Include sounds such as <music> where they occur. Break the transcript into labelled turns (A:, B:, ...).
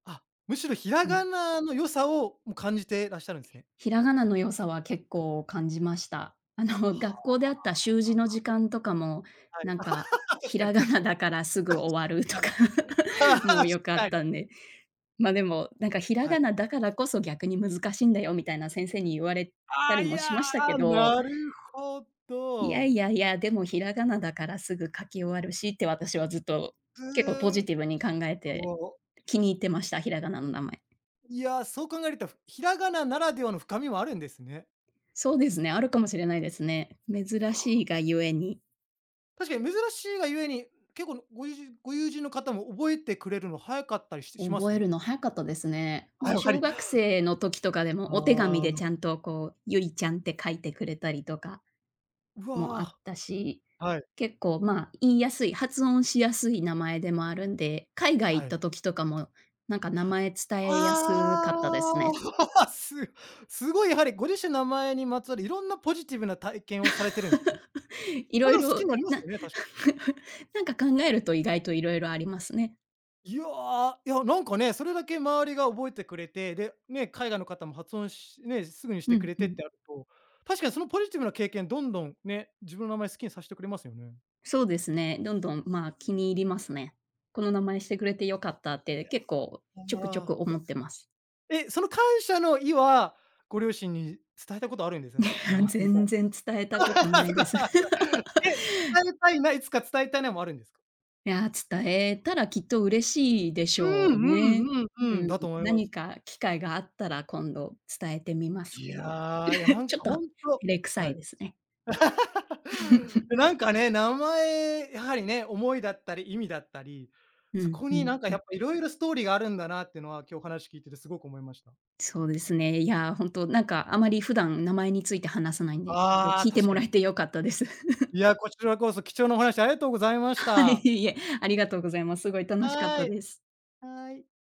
A: あ、むしろひら
B: ね。
A: がなの良さをん感じてらっしゃるんですね。
B: ひらがなの良さは結構感じました。あの、学
A: は
B: 校であった習字の時間とかも、
A: あ。はい。
B: なんか、
A: <laughs> 確
B: ひ
A: かに
B: らが
A: 確
B: な
A: かに。
B: だからすぐ
A: 確
B: 終わると
A: か
B: か、
A: に、
B: <chuckles> も
A: 確
B: よかっ
A: かに。
B: たんで。までも、なんか「ひら
A: は
B: が
A: い。
B: なだからこそ、逆に難しいんだよ」みたいな先生に言われた
A: あ、
B: り
A: い
B: もし
A: や、
B: ましたけど、
A: なるほ
B: いや
A: ど。
B: いやいや、「でもひらがなだからすぐ書き終わるし」って私はずっと、結構ポ
A: う
B: ジ
A: ん。
B: ティブに考えて、
A: もう。
B: 気に入ってました、ひらがなの名前。
A: いや、そう考えるとふひらがなならではの深みもあるんですね。
B: そうですね、あるかもしれないですね。珍
A: こ
B: しいがゆえに。
A: 確かに珍しいがゆえに、結構ごゆうじご友人の方も覚えてくれるの早かったりししま
B: 覚え
A: す？
B: るの早かったですね。
A: あ、
B: もう
A: やは
B: 小
A: り
B: 学生の時とかでも、
A: あ
B: お手紙で
A: あ。
B: ちゃんとこう、ゆりちゃんって書いてくれたりとか
A: う
B: もあっ
A: わ。
B: たし、
A: はい。
B: 結構ま、言いやすい、発音しやすい名前でもあるんで、海外行
A: は
B: っ
A: い。
B: た時とかも、なんか名前伝えやすかったです
A: ああ、、
B: ね。
A: <laughs> すすごいやはりご自身の名前にまつわる、いろんなポジティブな体験をされてるんですね。
B: <laughs> い
A: た
B: ろい
A: だ好き
B: ろ、
A: もあります
B: な
A: よね、確かに。
B: <chuckles> なんか考えると意外といろいろありますね。
A: いやいやなんかね、それだけ周りが覚えてくれて、で、ね、海外の方も発音しね、すぐにし
B: う
A: てく
B: ん
A: れ
B: う
A: てっ
B: ん。
A: てなると、確かにそのポジティブな経験どんどんね、自分の名前好きにさしてくれますよね。
B: そうですね、どんどんま、気に入りますね。この名前してくれてよかったっ
A: い
B: て
A: や、
B: 結構ちょくち
A: あ
B: ょ
A: あ。
B: く思ってます。
A: え、その感謝の意はご両親に伝えたことあるんですさす？名前
B: <chuckles>
A: が。
B: 全然伝えたこと
A: <laughs>
B: な
A: そ
B: い
A: っ
B: です。
A: か。え、
B: <laughs>
A: 伝えたいないつか伝えたいなもあるんですか？
B: いや、伝えたらきっと嬉しいでし
A: う
B: ょ
A: ん
B: うね。
A: うんうんうん、
B: うん、
A: だと思います。
B: 何か機会があったら今度伝えてみます
A: い
B: けど。
A: やいや、な
B: <chuckles>
A: ん
B: ちょっ
A: か
B: と照
A: ほんと
B: れくさ
A: は
B: い
A: い
B: ですね。
A: <laughs>
B: <chuckles>
A: え、なんかね、名前、やはりね、思いだったり意味だったり、
B: う
A: そ
B: ん
A: こ
B: う
A: に
B: ん
A: なんか
B: う
A: やっ
B: ん。
A: ぱいろいろストーリーがあるんだなってのは今日話聞いててすごく思いました。
B: そうですね。いや、本当、なんかあまり普段名前について話さないんで、ちょ
A: ああ、
B: 聞いて
A: 確
B: も
A: か
B: ら
A: に。
B: えてよかったです。<chuckles>
A: いや、こちらこそ、貴重なお話ありがとうございまし
B: はい
A: た。
B: いえ、ありがとうございます。すごい楽しかっ
A: は
B: た
A: い
B: です。
A: はい。